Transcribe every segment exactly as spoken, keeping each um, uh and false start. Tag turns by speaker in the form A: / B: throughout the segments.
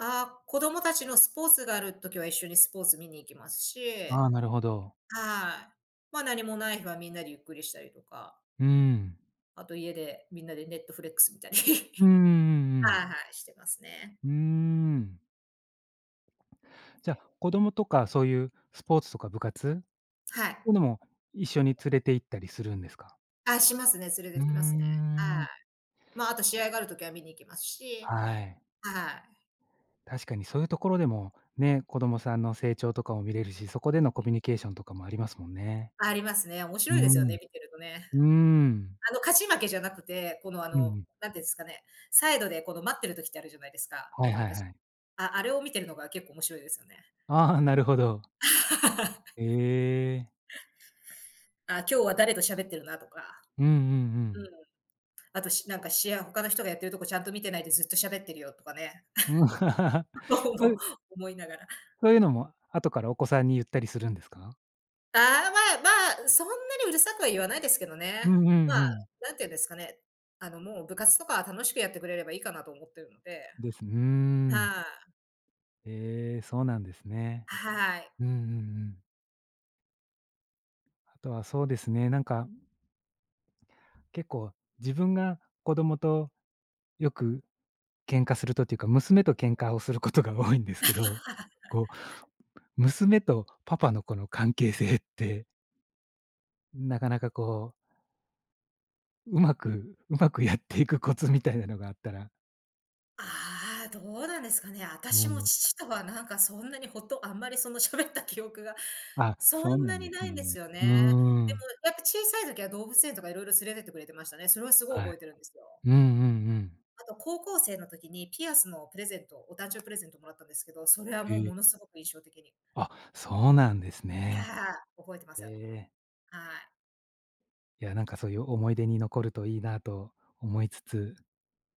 A: ああ、子供たちのスポーツがある時は、一緒にスポーツ見に行きますし
B: ああ、なるほど。
A: はい。まあ、何もない日はみんなでゆっくりしたりとか。
B: うーん。
A: あと家で、みんなで Netflex 観たり。
B: うん うんうんうん。
A: はいはい、してますね。
B: うーん。じゃ、子供とかそういうスポーツとか部活
A: はい。
B: とのも、一緒に連れて行ったりするんですか？
A: あ、しますね、連れ
B: うー
A: てきますね。は
B: ん。
A: い。まあ、あと試合がある時は見に行きますし。
B: はい。
A: はい。
B: 確かにそういう所でも、ね、子供さんの成長とかも見れるし、そこでのコ
A: はい。
B: ミュニケーションとかもありますもんね。
A: ありますね。面
B: う
A: 白いですよ
B: ん。
A: ね、見てるとね。
B: うーん。
A: あの、勝ち負けじゃなくて、この、あ
B: うんう
A: の、
B: ん。
A: なんていうんすかね、サイドでこの待ってる時ってあるじゃないですか、
B: は
A: 子
B: い
A: 供
B: はい
A: たち。
B: はい。
A: ああれを見てるのが結構面白いですよね。
B: ああ、なるほど。へえ。
A: あ、今日は誰としゃべってるなとか。
B: うんうんう
A: うん。
B: ん。
A: あと、しなんかシェア、他の人がやってるとこちゃんと見てないで、ずっとしゃべってるよとかね。とう
B: そ
A: も、
B: う
A: 思いながら。
B: そういうのも、後からお子さんに言ったりするんですか？
A: ああ、まあまあ、そんなにうるさくは言わないですけど
B: う
A: ね。
B: ん、ふん
A: まあ、
B: ふん。
A: なんて言うんですかね。あの、もう部活とかは楽しくやってくれればいいかなと思ってるので。
B: ですふーん。
A: はい。
B: ええ、そうなんですね。
A: はい。
B: うんうんうん。とはそうですね、なんか、ん結構自分が子どもとよく喧嘩するとっていうか、娘と喧嘩をすることが多いんですけど、こう、娘とパパのこの関係性ってなかなかこう上手く上手くやっていくコツみたいなのがあったら。
A: ああ、どうなんですかね。私
B: も
A: も
B: ん。
A: 父とはなんかそんなにほんと、あんまりそのしゃべった記憶が、
B: あ、
A: そ
B: そう
A: ん
B: な
A: な
B: ん
A: に
B: で
A: な
B: す
A: いんです
B: ね。
A: よ
B: う
A: ね。
B: ー
A: で
B: ん。
A: もやっぱ小さい時は動物園とかいろいろ連れてってくれてましたね。それはすごい
B: はい。
A: 覚えてるんですよ。
B: うんうんうん。
A: あと、高校生の時に、ピアスのプレゼント、お誕生プレゼントもらったんですけど、それは
B: へ
A: もうも
B: え。
A: のすごく印象的に。
B: あ、そうなんです
A: は
B: ね。
A: ははあ、覚えてます。
B: へ
A: は
B: え。
A: い。
B: いや、なんかそういう思い出に残るといいなと思いつつ。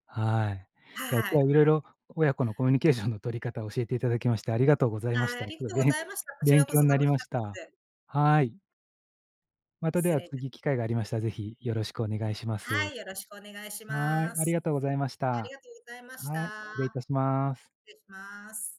B: はい。いや、
A: は
B: 今日は
A: い。
B: 色々親子のコミュニケーションの取り方を教えて頂きまして、ありがとうございました。
A: あ
B: す
A: り
B: ごい
A: とう
B: べ
A: ご
B: ん
A: ざいました。こち
B: 勉
A: らこ
B: 強
A: そ
B: ん
A: 楽
B: なり
A: し
B: ま
A: か
B: し
A: っ
B: た。
A: たです。
B: はい。また、で
A: 失
B: は
A: 礼いた
B: 次機会がありましたら、是非宜しくお願いしま
A: は
B: す。
A: い、よろしくお願いし
B: はい、
A: ま
B: あり
A: す。
B: がとうございまし
A: あり
B: た。
A: がとうございました。
B: はい、礼いたします。
A: 失礼します。